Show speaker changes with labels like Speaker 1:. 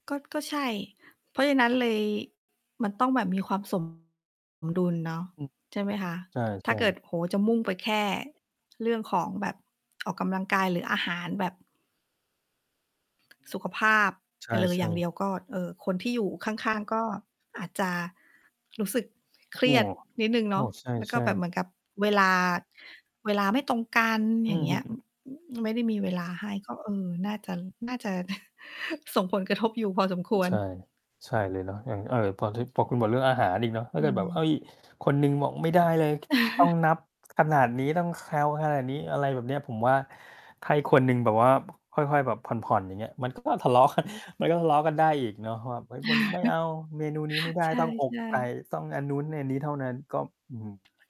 Speaker 1: ก็ ก็ใช่ เพราะฉะนั้นเลย มันต้องแบบมีความ สม ดุลเนาะ
Speaker 2: อืม
Speaker 1: ใช่ไหมคะ?
Speaker 2: ใช
Speaker 1: ถ้า
Speaker 2: ่
Speaker 1: เกิด
Speaker 2: ๆ
Speaker 1: โอ้โฮ จะมุ่งไปแค่เรื่องของแบบออกกำลังกาย หรืออาหารแบบ สุขภาพ
Speaker 2: ใ
Speaker 1: ไ
Speaker 2: ช
Speaker 1: ปเลยอย่
Speaker 2: ่
Speaker 1: างเด
Speaker 2: ๆ
Speaker 1: ียว ก็ เอ่อ คนที่อยู่ข้าง ๆ ก็อาจจะ รู้สึก
Speaker 2: โ
Speaker 1: เ
Speaker 2: อ
Speaker 1: ค
Speaker 2: ้
Speaker 1: รียดนิดหนึ่ง
Speaker 2: โอ
Speaker 1: เน
Speaker 2: ้
Speaker 1: าะ
Speaker 2: ใ
Speaker 1: แล้วก
Speaker 2: ช
Speaker 1: ็
Speaker 2: ่
Speaker 1: แบบเห
Speaker 2: ๆ
Speaker 1: มือนกับเวลา เวลาไม่ตรงกัน
Speaker 2: อ
Speaker 1: อ
Speaker 2: ื
Speaker 1: ย่า
Speaker 2: อ
Speaker 1: งเง
Speaker 2: ฮ
Speaker 1: ี้
Speaker 2: ึ
Speaker 1: ย ไม่ได้มีเวลาให้ ก็ เออ น่าจะ น่าจะ ส่งผลกระทบอยู่พอสมค
Speaker 2: โอ้
Speaker 1: วร
Speaker 2: ใช่ ใช่เลยเนาะ อย่าง เอ่อ พอถึ พอคุณบอกเรื่องอาหารอีกเนาะ ถ้
Speaker 1: อ
Speaker 2: า
Speaker 1: ื
Speaker 2: เกิดแบบ เฮ
Speaker 1: ม
Speaker 2: ้ย คนหนึ่งบอกไม่ได้เลย ต้องนับขนาดนี้ ต้องแคลขนาดนี้ อะไรแบบเนี้ย ผมว่า ถ้าอีกคนหนึ่งแบบว่า บ ค่อย ๆ แบบผ่อน ๆ อย่างเงี้ย มัน ก็ ทะเลาะ กัน มันก็ทะเลาะกันได้อีกเนาะว่า เฮ้ย มัน ไม่เอาเมนูนี้ไม่ได้
Speaker 1: ใช
Speaker 2: ต้องอก
Speaker 1: ่
Speaker 2: ไก่
Speaker 1: ๆ
Speaker 2: ต้องอันนู้นอันนี้เท่านั้น ก็ อื้อฮือ